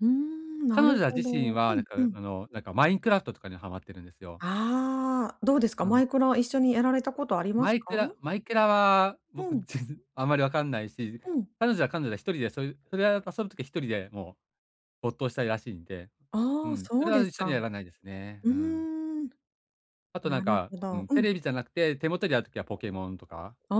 うーん、な彼る女はほ自ど。身うは、なんんかうん。あの、なんかマインクラフトとかにハマってるんですよ。ああ、どうですか？うマん。イクラは一緒にやられたことありまマすイか？クラマイクラは、う僕ん。ぜんあんまりわかんないし、うん。彼女は彼女で1人でそうそれは遊ぶ時一人でもう没頭したいらしいんで、うああ、ん、そそれうはです一緒にやか。らないですね。ううーん。ん。あとななんるか、ほうど。ん、うテん。レビじゃなくて、手元にある時はポケモンとか？あ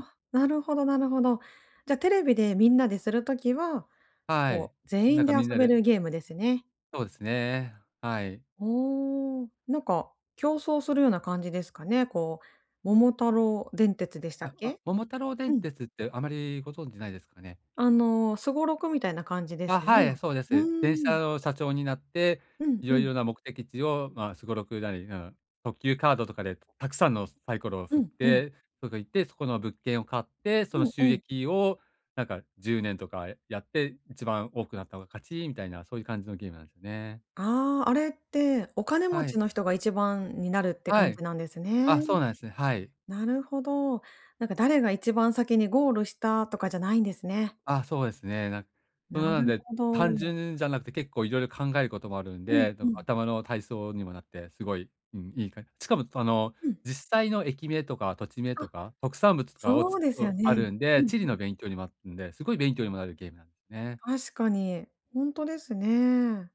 あ、なるほどなるほど。じゃ、テレビでみんなでする時は、はもうい、全なん員かで遊みんなべでるゲームですね。そうですね、はい。おお、なんか競争するような感じですかね。こう、桃太郎電鉄でしたっああ、け？桃太郎う電ん。鉄ってあまりご存知ないですかね？あの、すごろくみたいな感じであ、すよはね。い、そうでうんす。電うん車うん。の社長になって、うんいうろいん。ろな目的地をまあ、すごろくなり、うん、特急カードとかでたくさんのサイコロをう振っん、うん。て、そこ行って、そこの物件を買って、そうのん収うん。益をなんか、10年とかやって、一番多くなった方が勝ちみたいなそういう感じのゲームなんね。ああ、あれって、お金持はい。ちの人が1番になるっては感い。じなんですね。あ、そうなんすね、はい。なるほど。なんか誰が一番先にゴールしたとかじゃないんですね。あ、そうですね。なんそんなななんるで、ほ単ど。純じゃなくて結構いろいろ考えることもあるんうんで、どうこ、ん。頭の体操にもなってすごい、うん、いいかしかもあの、うん。実際の駅名とか土地名あ。とか、特産物とかをそつうですうよあね。るんうで、ん地理うん。の勉強にもあんで、すごい勉強にもなるゲームなんね。確かに。ほんとですね。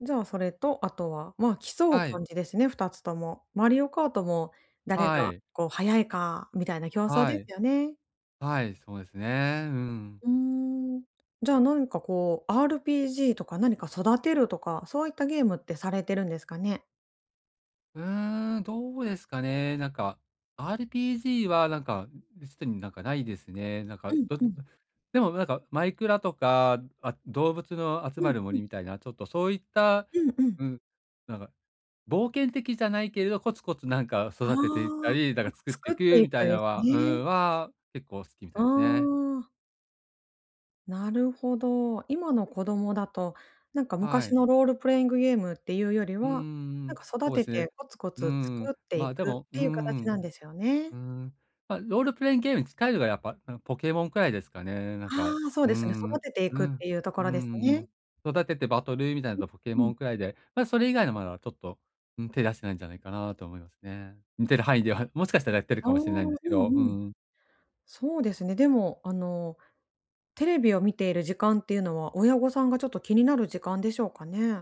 じゃあ、それとあとは、ま、競うはい。感じですね、二つとも。マリオカートも誰はがい。こう、速いかみたいな競争ではい。すよね。はい、そうですね。うん。うーん、じゃあ、何かこう、RPG とか何か育てるとか、そういったゲームってされてるんですかね？うん、どうですかね、なんか、RPG はなんか、うん、うしでになんか、ないですね、なんうか、んどうん。でもなんか、マイクラとか、あ、動物の集うまんるうん。森みたいなちょっとそういった、うんうん。うん、なんか冒険的じゃないけれど、コツコツなんかああ、育てていったなんかり、なんか作っ作てってくいみたくいなでのすはうね。ん、は結構好きみたあいね。あ。なるほど。今の子供だと、なんかは昔い。のロールプレイングゲームっていうよりうーは、なんん、か育ほえてすてね。コツコうツ作ん、ってまいあ、でくっもうていう形なんん、ですようね。ん、ま、ロールプレインゲームに近いのがやっぱ、うん、ポケモンくらいですかね、なんあかあ、そううですね、ん、育てていうくっん、ていうとこうろですね。ん、育ててバトルみたいなとポケうんうモん。ンくらいで、ま、それ以外のまだちょっと、うん、手出してないんじゃないかなと思いますね。見てる範囲では、もしかしたらやってるああ、かうもしれないんでんすけど、ううん。んうん。そうですね。でも、あの、テレビを見ている時間っていうのは、親御さんがちょっと気になる時間でしょうかね？